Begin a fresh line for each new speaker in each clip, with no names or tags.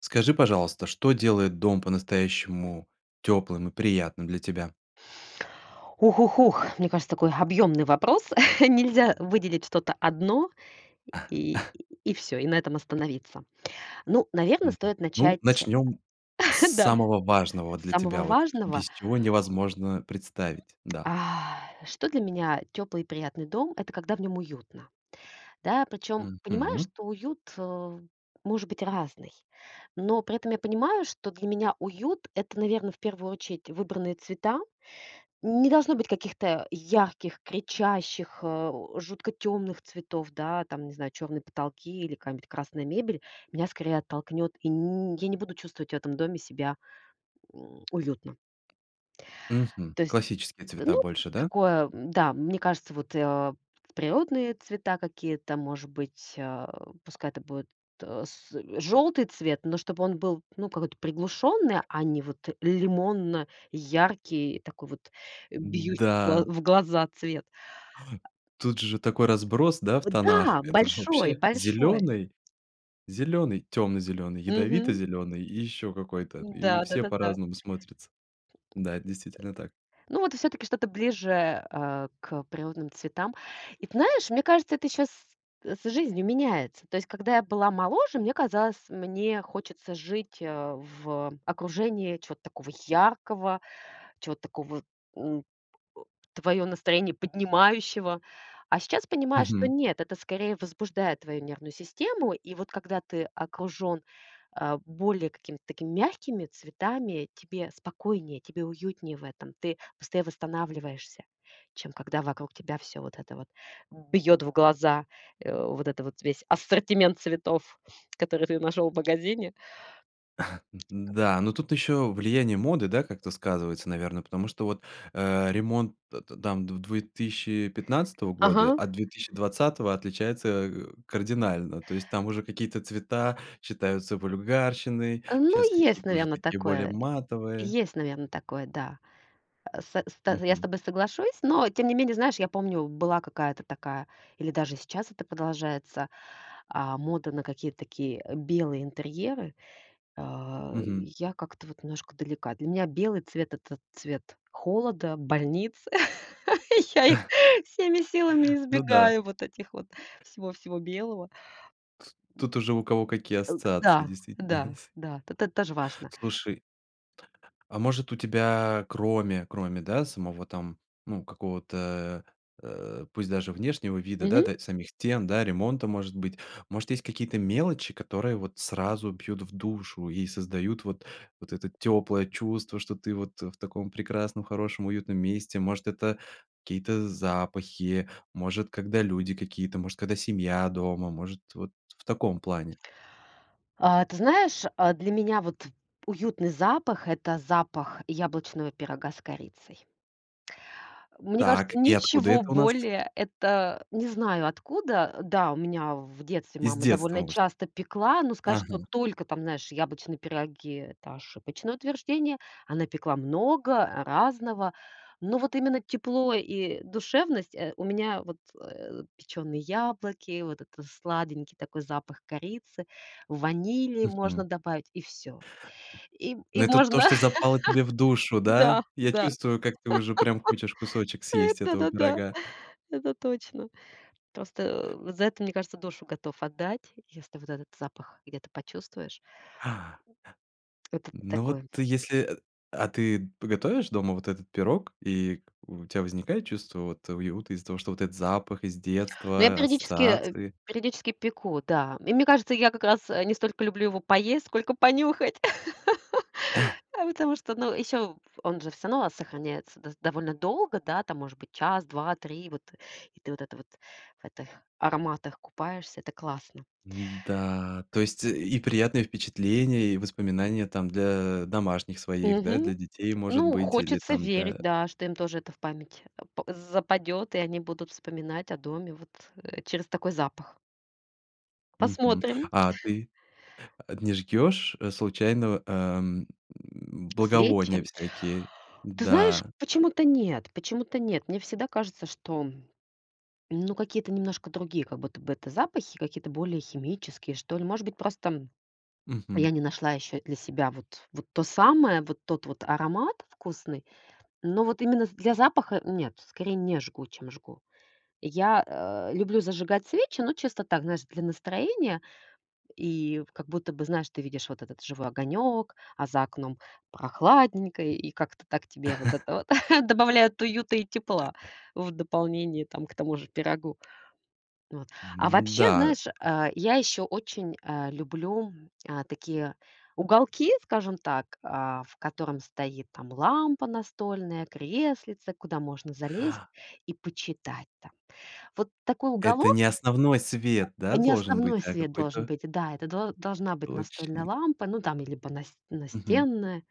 Скажи, пожалуйста, что делает дом по-настоящему тёплым и приятным для тебя?
Ух-ух-ух. Мне кажется, такой объёмный вопрос. Нельзя выделить что-то 1 и и всё, и на этом остановиться. Ну, наверно,
Мгм.
стоит
Ну
начать
начнем с
да,
самого важного
с
для
самого
тебя вот.
важного.
Без чего невозможно представить, да.
А. Что для меня тёплый и приятный дом? Это когда в нём уютно, Да, причём, понимаю,
Мгм.
что уют, э, может быть разный. Но при этом я понимаю, что для меня уют это, наверное, в первую очередь выбранные цвета. Не должно быть каких-то ярких, кричащих, а, у жутко тёмных цветов, да? Там не знаю, чёрные потолки или какая-нибудь красная мебель- меня скорее оттолкнёт, и н я не буду чувствовать в этом доме себя, м, уютно.
Мгм.
То есть,
Классические
да,
цвета
ну,
больше, да?
такое м-да. Мне кажется вот, э, а, природные цвета какие-то может быть, а, пускай это будет, а, с, э, желтый цвет, но чтобы он был, ну, какой-то приглушённый, а не вот лимонно-яркий, такой вот, а, бьющий в гла
Н-да.
в глаза цвет.
Ай! Тут же такой разброс, да, в
Э,
тонах.
да,
Это же
большой,
вообще
большой.
зелёный, зелёный, тёмно-зелёный,
Мгм.
ядовито-зелёный и ещё какой-то, и
Н-да.
все
Да-да-да.
по-разному смотрятся.
Э, э,
Да, это действительно так.
ну вот и всё-таки что-то ближе, а, к природным цветам. И т знаешь, мне кажется, это щас, а, с жизнью меняется. То есть, когда я была моложе, мне казалось, мне хочется жить, а, в, э, окружении чего-то такого яркого, чего-то такого, м, э, твоё настроение поднимающего. А сейчас понимаю, что
Мгм.
нет, это скорее возбуждает твою нервную систему. И вот когда ты окружён, а, более какими-то такими мягкими цветами, тебе спокойнее, тебе уютнее в этом. Ты быстрее восстанавливаешься, чем когда вокруг тебя всё вот это вот бьет в глаза. А, вот этот вот, весь ассортимент цветов, которые ты нашел в магазине.
Н н да, но тут еще влияние моды, да, как-то сказывается, наверное. Потому что вот, а, ремонт т т там в 2015 года,
Ага.
от 2020 отличается, а, кардинально. То есть там уже какие-то цвета считаются вульгарщиной,
А ну,
щас
есть,
какие-то уже
наверно,
такие более
такое.
матовые.
Есть, наверное, такое, да. Э, сэ ста э, я с
Мгм.
тобой соглашусь, но тем не менее, знаешь, я помню была какая-то такая или даже сейчас это продолжается, а, мода на какие-то такие, а, белые интерьеры. А,
Мгм.
я как-то вот немножко далека. Для меня белый цвет- это цвет холода, больниц. Я их всеми силами
Ну да.
избегаю, вот этих вот, всего-всего белого.
Тс тут уже у кого какие
А г
ассоциации
да.
действительно
Да,
с
да, т то тоже важно.
Слушай. А может у тебя кроме, кроме, да, самого там, ну, какого-то, э, э, пусть даже внешнего вида, да,
Мгм.
та самих стен, да, ремонта, может быть. Может, есть какие-то мелочи, которые вот сразу бьют в душу и создают вот вот это тёплое чувство, что ты вот в таком прекрасном, хорошем, уютном месте? Может, это какие-то запахи, может когда люди какие-то, может когда семья дома? Может вот в таком плане.
А ты знаешь, а, для меня вот уютный запах- это запах яблочного пирога с корицей. Мне
Так,
кажется,
и откуда
ничего
это у нас?
более, это не знаю откуда. Э, да, у меня в детстве
Из
мама
детства,
довольно
может.
часто пекла, но сказать, что
Ага.
только там, знаешь, яблочные пироги это ошибочное утверждение. Она пекла много разного. Но вот именно тепло и душевность, э, у меня вот, э, печёные яблоки, вот это сладенький такой запах корицы, ванили можно
Мгм.
добавить и всё. И,
Ну
и
это то,
можно.
что запало тебе в душу,
Да,
да? Я
да.
чувствую, как ты уже прям хочешь кусочек съесть
Это,
этого
да-да.
пирога.
Это точно. Просто, а, за это, мне кажется, душу готов отдать. Если вот этот запах где-то почувствуешь.
А.
Это т
Ну вот
такое.
если, э. А ты п готовишь дома вот этот пирог и у тебя возникает чувство вот уюта из-за того, что этот запах из
Ну я
детства,
периодически, э,
ассоциации?
периодически пеку, да. И мне кажется, я как раз, э, не столько люблю его поесть, сколько понюхать. А потому что, ну, ещё он же всё равно, а, сохраняется доста довольно долго. Да, там может быть час, 2, 3. Вот. И ты, вот это вот, в этих ароматах купаешься. Это классно.
Н-да, то есть и приятные впечатления, и воспоминания там для домашних своих, да,
Мгм.
для детей, может
Ну,
быть, или
хочется
там
верить,
для
да, что им тоже это в память ап западёт, они будут вспоминать о доме вот, э, через такой запах.
Мгм.
Посмотрим.
А ты? А не жгёшь случайно, ам,
Свечи.
благовония всякие?
Ты знаешь,
Да.
почему-то нет. Почему-то нет. Мне всегда кажется, что ну, какие-то немножко другие как будто бы это запахи, какие-то более химические, что ли. Может быть просто я
Мгм.
не нашла ещё для себя вот, вот то самое, вот тот вот аромат вкусный, но вот именно с для запаха- нет, скорее не жгу, чем жгу. Я, э, люблю зажигать свечи, но чисто так, знаешь, для настроения. И как будто бы знаешь, ты видишь вот этот живой огонёк, а за окном прохладненько, и как-то так, тебе вот это вот добавляет уюта и тепла в дополнение, там, к тому же пирогу. Вот. А вообще,
М-да.
знаешь, а, я ещё очень, а, люблю, а, такие уголки, скажем так, а, в котором стоит там лампа настольная, креслице, куда можно залезть и почитать там. Вот такой
Это
уголок
не основной свет, да,
Не
должен быть,
основной
а
свет должен
какой-то
быть. Да, это дол это должна быть настольная
точный.
лампа, ну там и либо нас
Мгм.
настенная.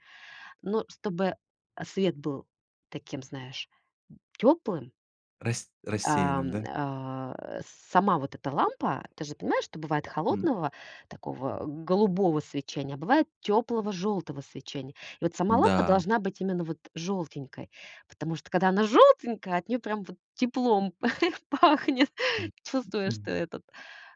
Но чтобы, а, свет был таким, знаешь, м, тёплым.
Рас рассеянным,
Ам,
да?
а, сама вот эта лампа, ты же понимаешь, что бывает
М.
холодного такого голубого свечения, а бывает тёплого жёлтого свечения. И вот сама лампа
Да.
должна быть именно вот жёлтенькой, потому что когда она жёлтенькая, от неё прям вот теплом п пахнет.
М,
Чувствуешь что
м.
этот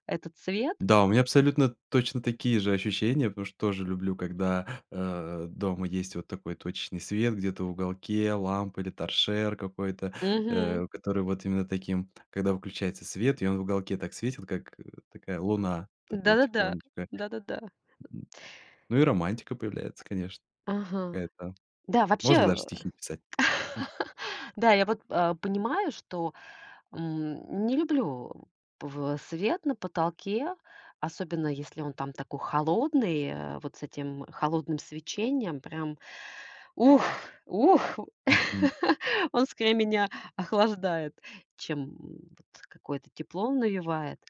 этот цвет.
Да. У меня абсолютно точно такие же ощущения, потому что тоже люблю, когда, а, дома есть вот такой точечный свет где-то в уголке. Лампа или торшер какой-то,
Мгм.
э, который вот именно таким, когда выключается свет и он в уголке так светит, как, э, такая луна, такая
Да-да-да.
тихонечко.
Да-да-да.
Ну, и романтика появляется, конечно.
Ага.
Какая-то.
Да, вообще,
Можно даже
э.
стихи писать. М.
Да, я вот, а, понимаю, что, м, не люблю пв свет на потолке. Особенно, если он там такой холодный, а вот с этим холодным свечением. Прям ух, ух.
Мгм.
Он скорее меня охлаждает, чем вот какое-то тепло навевает.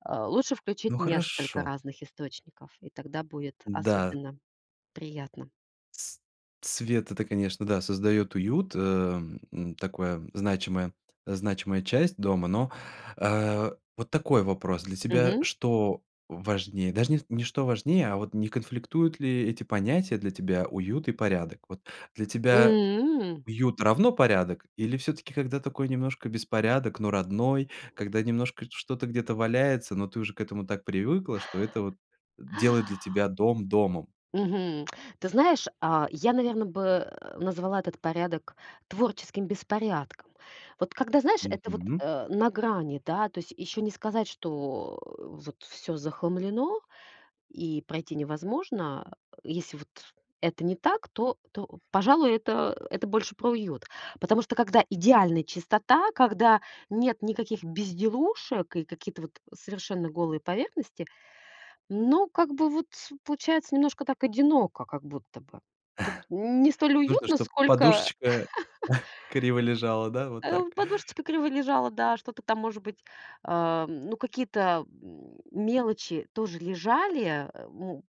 А лучше
Ну
включить несколько
хорошо.
разных источников, и тогда будет
Н-да.
особенно приятно.
С свет это, конечно, да, создаёт уют, эм, м, такое значимая значимая часть дома. Но, а, вот такой вопрос. Для тебя
Мгм.
что важнее? Даже не не что важнее, а вот не конфликтуют ли эти понятия для тебя, уют и порядок? Вот для тебя
М.
уют равно порядок? Или всё-таки, когда такой немножко беспорядок, но родной, когда немножко что-то где-то валяется, но ты уже к этому так привыкла, что это вот делает для тебя дом домом?
Мгм. Ты знаешь, а, я, наверно, бы, э, назвала этот порядок творческим беспорядком. Вот когда знаешь, это вот,
Мгм.
э, на грани, да. То есть ещё не сказать, что, э, вот всё захламлено и пройти невозможно, а. Если вот, это не так, то, то, пожалуй, это, э, это больше про уют. Потому что когда идеальная чистота, когда нет никаких безделушек и какие-то, вот, совершенно голые поверхности. Но как бы, вот, получается немножко так одиноко как будто бы. Тут не столь
Нужно,
уютно,
чтоб
сколько.
подушечка криво лежала, да, вот
А,
так.
у подушечка криво лежала, да, что-то там может быть, а, ну, какие-то, м, мелочи тоже лежали, а, м,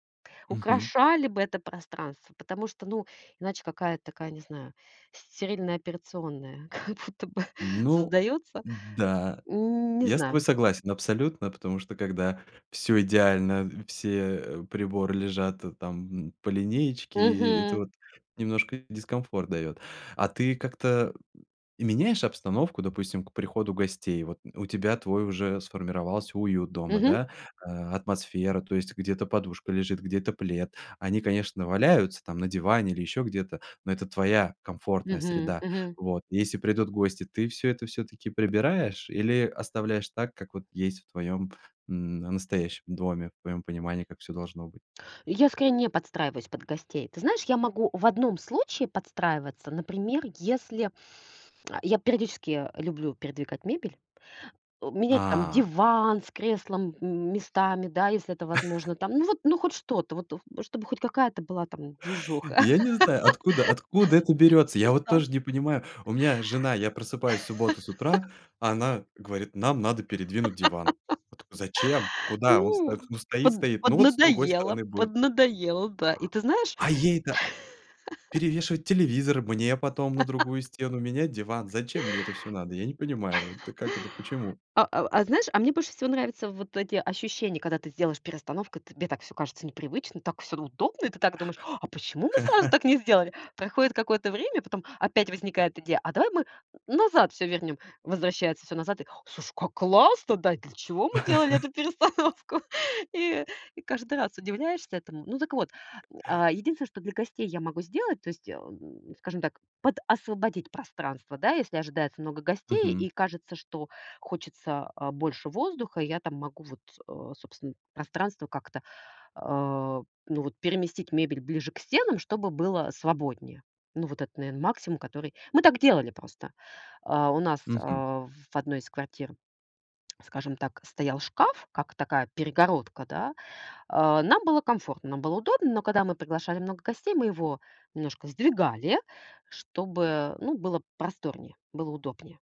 Мгм.
украшали бы это пространство. Потому что, ну, иначе какая-то такая, не знаю, стерильная операционная как будто бы
Ну.
создаётся.
Да,
Н не
я с тобой
знаю.
согласен абсолютно, потому что когда всё идеально, все приборы лежат, э, там по линеечке, и это
Мгм.
вот немножко дискомфорт дает. А ты как-то, м, меняешь обстановку, допустим, к приходу гостей. Вот. У тебя твой уже сформировался уют дома,
Мгм.
да, а атмосфера, то есть где-то подушка лежит, где-то плед. Они, конечно, валяются там на диване или еще где-то, но это твоя комфортная
Мгм.
среда.
Мгм.
Вот. И если придут гости, ты всё это всё-таки прибираешь или оставляешь так, как вот есть в твоем н настоящем доме, в твоем понимании, как всё должно быть.
Я скорее не подстраиваюсь под гостей. Ты знаешь, я могу в одном случае подстраиваться. Например, если, а, я периодически, э, люблю передвигать мебель. Э, менять там
А.
диван с креслом, м, местами, да, если это возможно там. Ну вот, ну хоть что-то, вот, в чтобы хоть какая-то была там движуха.
Я не знаю откуда! Откуда откуда это берётся,
Не
я вот
знаю.
тоже не понимаю. У меня жена, я просыпаюсь в субботу с утра, а она говорит: нам надо передвинуть диван. Вот зачем? Куда? Он
Ну,
сто ну стоит,
под
стоит ну вот с другой
поднадоело,
стороны будет.
поднадоело, да. И ты знаешь
А ей да. Перевешивать телевизор, мне потом на другую стену, менять диван. Зачем мне это всё надо? Я не понимаю вот, э. Как это? Почему?
А ав а, знаешь, а мне больше всего нравится вот эти ощущения, когда ты сделаешь перестановку и тебе так всё кажется непривычно, так всё удобно. И ты так думаешь:" А почему мы сразу так не сделали?" Проходит какое-то время, потом опять возникает идея, а давай мы назад всё вернем. Возвращается всё назад и: "О слушай, как классно, да? И для чего мы делали эту перестановку?" И и каждый раз удивляешься этому. Ну, так вот. М, а, единственное, что для гостей я могу сделать, то есть, эм, скажем так, подосвободить пространство, да, если ожидается много гостей, и
Мгм.
кажется, что хочется, а, больше воздуха. И я там могу вот, а, собственно пространство как-то, а, ну вот, переместить мебель ближе к стенам, чтобы было свободнее. Ну вот это наверно максимум, который мы так делали просто. А, у нас,
Мгм.
а, в 1 из квартир, скажем так стоял шкаф, как такая перегородка, да. А, нам было комфортно, нам было удобно. Но когда мы приглашали много гостей, мы его немножко сдвигали, чтобы, э, ну, было просторнее, было удобнее.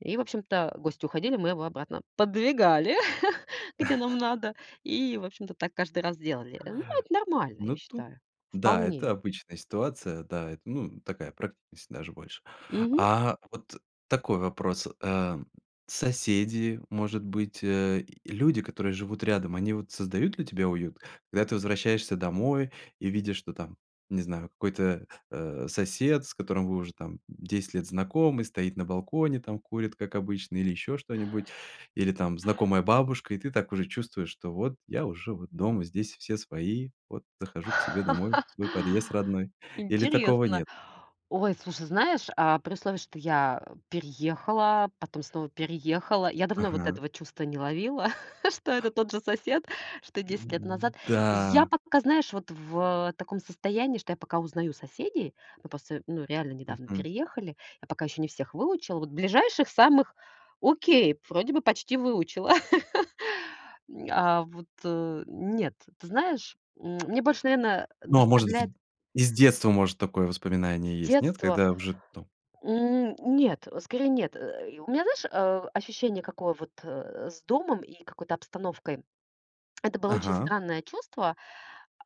И, в общем-то, гости уходили, мы его обратно поддвигали, где нам надо, и, в общем-то, так каждый раз делали. Ну, это нормально, я
Ну тут.
считаю,
Да, это
вполне.
обычная ситуация. Да, это ну такая практичность, даже больше.
Мгм.
А вот такой вопрос. Эм. Соседи, может быть, э, люди, которые живут рядом, они вот создают ли тебе уют? Когда ты возвращаешься домой и видишь, что там, не знаю, какой-то, а, сосед, с которым вы уже там 10 лет знакомы, стоит на балконе, там, курит как обычно или еще что-нибудь. Или там знакомая бабушка, и ты так уже чувствуешь, что вот я уже вот дома, здесь все свои. Вот захожу к себе домой, в свой подъезд родной. Или такого
Интересно.
нет?
Ой, слушай, знаешь, а при условии, что я, э, переехала, потом снова переехала. Я давно вот
Ага.
этого чувства не ловила, что это тот же сосед, что 10 лет
Н
назад.
да.
Я пока, знаешь, вот в, а, таком состоянии, что я пока узнаю соседей. Мы просто, ну, реально недавно
Мгм.
переехали. Я пока ещё не всех выучила. Вот ближайших самых- окей, вроде бы почти выучила. М. А вот, э, нет, ты знаешь, м, мне больше, наверное,
Ну, а может,
доставляет
в из детства, может, такое
С
воспоминание есть? Нет?
детства,
Когда в жит ту?
м, нет, э, скорее нет. Э, и у меня, знаешь, а, ощущение какое вот, э, с домом и какой-то обстановкой. Это было очень
Ага.
странное чувство.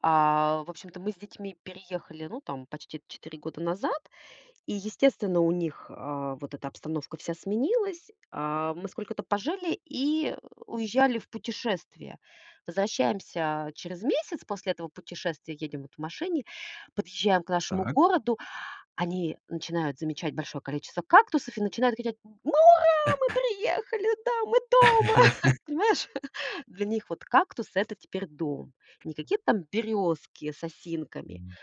А, в общем-то, мы с детьми переехали, ну, там почти 4 года назад. И, естественно, у них, а, вот эта обстановка вся сменилась. А, мы сколько-то пожили и, э, уезжали в путешествие. Возвращаемся через месяц после этого путешествия, едем вот в машине, подъезжаем к нашему
Так.
городу. Они начинают замечать большое количество кактусов и начинают кричать: "Мы ура, мы приехали, да, мы дома!" Понимаешь? Для них вот кактус это теперь дом. Не какие-то там берёзки с осинками.
М.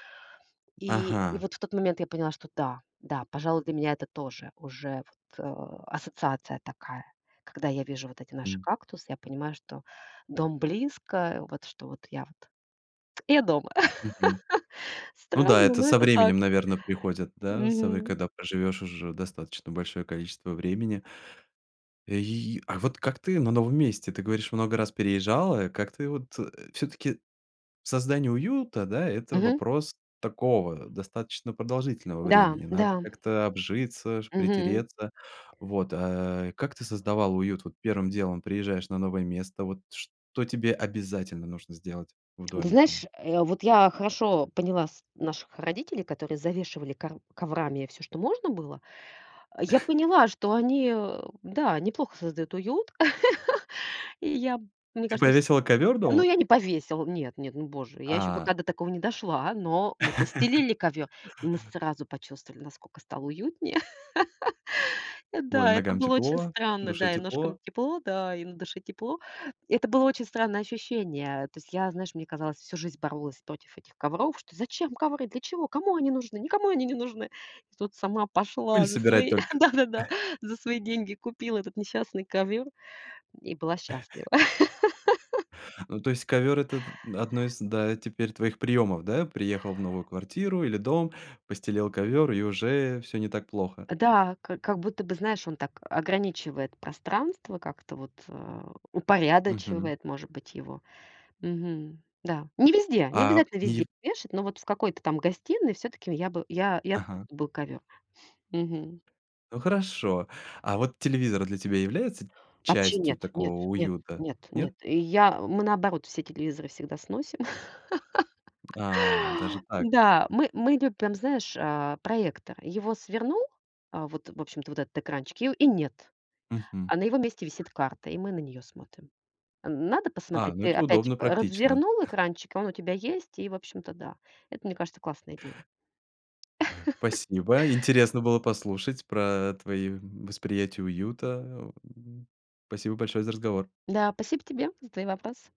И и
Ага.
вот в тот момент я поняла, что да, да, пожалуй, для меня это тоже уже вот, а, ассоциация такая. Когда я вижу вот эти наши
М.
кактусы, я понимаю, что дом близко. Э, вот, что вот я вот, я дома.
Мгм. Ну да.
Странно,
Это
но
со
это так.
временем, наверно, приходит, да сов
Мгм.
когда проживешь уже достаточно большое количество времени. И, а вот как ты на новом месте? Ты говоришь, много раз переезжала. Как ты вот, э, всё-таки создание уюта, да, это
Мгм.
вопрос такого достаточно продолжительного
Да,
времени. Надо
да.
как-то обжиться ж,
Мгм.
притереться. Вот, а. Как ты создавала уют? Вот первым делом приезжаешь на новое место. Вот что тебе обязательно нужно сделать в
Ну ты
доме
знаешь,
там?
а, вот, я хорошо поняла с наших родителей, которые завешивали кор коврами всё, что можно было. Э, я поняла, что они, э, да, неплохо создают уют, и я, мне
Ты
кажется с
повесила ковер
ну
дома?
я не повесила. Нет нет, ну боже, я ещё
А.
пока до такого не дошла. Но мы постелили ковёр, и мы сразу почувствовали, насколько стало уютнее. Э,
Ой,
да, это
ногам
было очень
тепло,
странно.
душе
Да, и ножкам
тепло.
тепло, да, и на душе тепло. Это было очень странное ощущение. Э, то есть я, знаешь, мне казалось, всю жизнь боролась против этих ковров, что: "Зачем ковры? Для чего? Кому они нужны? Никому они не нужны". И тут сама пошла
Пыль
на
собирать
свои,
только.
да-да-да, за свои деньги купила этот несчастный ковёр и, м, была счастлива.
Ну то есть ковер этот, м, одно из, да, твоих приемов, да? Приехал в новую квартиру или дом, постелил ковер и уже всё не так плохо.
Э, да, как как будто бы, знаешь, он так ограничивает пространство, как-то вот, э,
Мгм.
упорядочивает может быть его. Мгм. Да. Не везде. Не
А,
обязательно
не
везде
в
вешать, но вот в какой-то там гостиной всё-таки я бы, я я за то,
Ага.
чтобы был ковёр. Мгм.
Ну хорошо. А вот телевизор для тебя является
Вообще
частью
нет, нет,
такого
нет,
уюта,
нет, нет.
нет?
И я, мы наоборот все телевизоры всегда сносим.
А. Даже так?
Да, мы, мы любим знаешь, а проектор. Его свернул. А вот, в общем-то, вот этот экранчик и, у, и нет.
Мгм.
А на его месте висит карта, и мы на неё смотрим. Н надо
А,
посмотреть?
ну
Ты
это
опять,
удобно,
э,
практично.
развернул экранчик, и он у тебя есть. И, общем-то, да. Это, мне кажется, классная идея.
Э, спасибо. Интересно было послушать про твои восприятия уюта, м. Спасибо большое за разговор.
Да, спасибо тебе за твои вопросы.